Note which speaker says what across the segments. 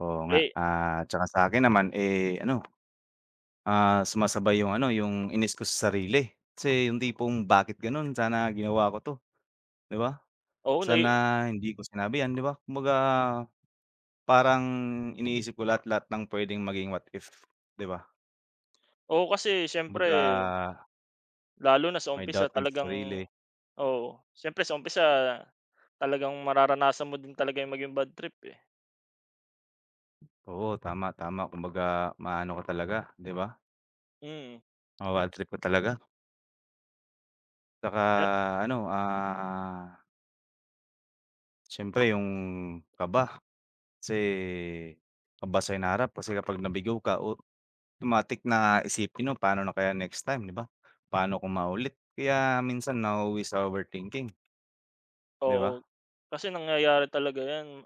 Speaker 1: Oo nga,
Speaker 2: Eh.
Speaker 1: at saka sa akin naman, eh, ano, ah, sumasabay 'yong ano, 'yong inis ko sa sarili. Kasi 'yong tipong bakit gano'n, sana ginawa ko 'to, 'di ba?
Speaker 2: Oo
Speaker 1: Sana
Speaker 2: nai
Speaker 1: hindi ko sinabi 'yan, 'di ba? Kumbaga parang iniisip ko lahat lahat ng puwedeng maging what if, 'di ba?
Speaker 2: Oo, kasi siyempre
Speaker 1: Kumbaga
Speaker 2: Lalo na sa
Speaker 1: May
Speaker 2: umpisa
Speaker 1: dating sa
Speaker 2: talagang
Speaker 1: sarili.
Speaker 2: oo, siyempre sa umpisa talagang mararanasan mo din talaga 'yong maging badtrip, eh.
Speaker 1: Oo, tama, tama. Kumbaga ma-ano ka talaga, 'di ba?
Speaker 2: Mm.
Speaker 1: Mababadtrip ka talaga. 'Tsaka,
Speaker 2: Yup.
Speaker 1: ano, ah Siyempre 'yong kaba. Kasi kaba sa hinaharap kasi kapag nabigo ka, automatic na isipin mo, "Paano na kaya next time?" 'Di ba? Paano ko maulit. Kaya minsan nauuwi sa overthinking. 'Di
Speaker 2: Oo.
Speaker 1: ba?
Speaker 2: Kasi nangyayari talaga 'yan.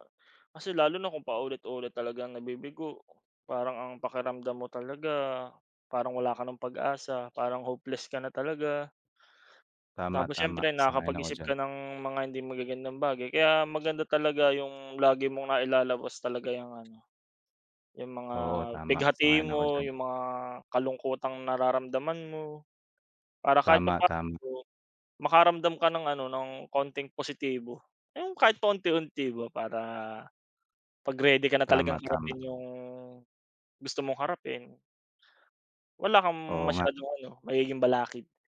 Speaker 2: Kasi lalo na kung paulit-ulit talagang nabibigo, parang ang pakiramdam mo talaga, parang wala ka nang pag-asa, parang hopeless ka na talaga.
Speaker 1: Tama,
Speaker 2: Tapos
Speaker 1: tama
Speaker 2: siyempre
Speaker 1: sang-ayon ako
Speaker 2: nakapag-isip
Speaker 1: diyan.
Speaker 2: ka ng mga hindi magagandang bagay. Kaya maganda talaga 'yong lagi mong nailalabas talaga 'yong, ano, 'yong mga
Speaker 1: Oo, tama
Speaker 2: pighati
Speaker 1: sang-ayon ako
Speaker 2: mo,
Speaker 1: diyan.
Speaker 2: 'yong mga kalungkutang nararamdaman mo. Para kahit
Speaker 1: Tama, tama.
Speaker 2: papaano, makaramdam ka ng, ano, ng konting positibo. 'Yong kahit pa unti-unti ba para 'pag ready ka na
Speaker 1: Tama,
Speaker 2: talagang
Speaker 1: tama.
Speaker 2: harapin 'yong gusto mong harapin wala kang
Speaker 1: Oo nga.
Speaker 2: masyadong, ano, magiging balakid.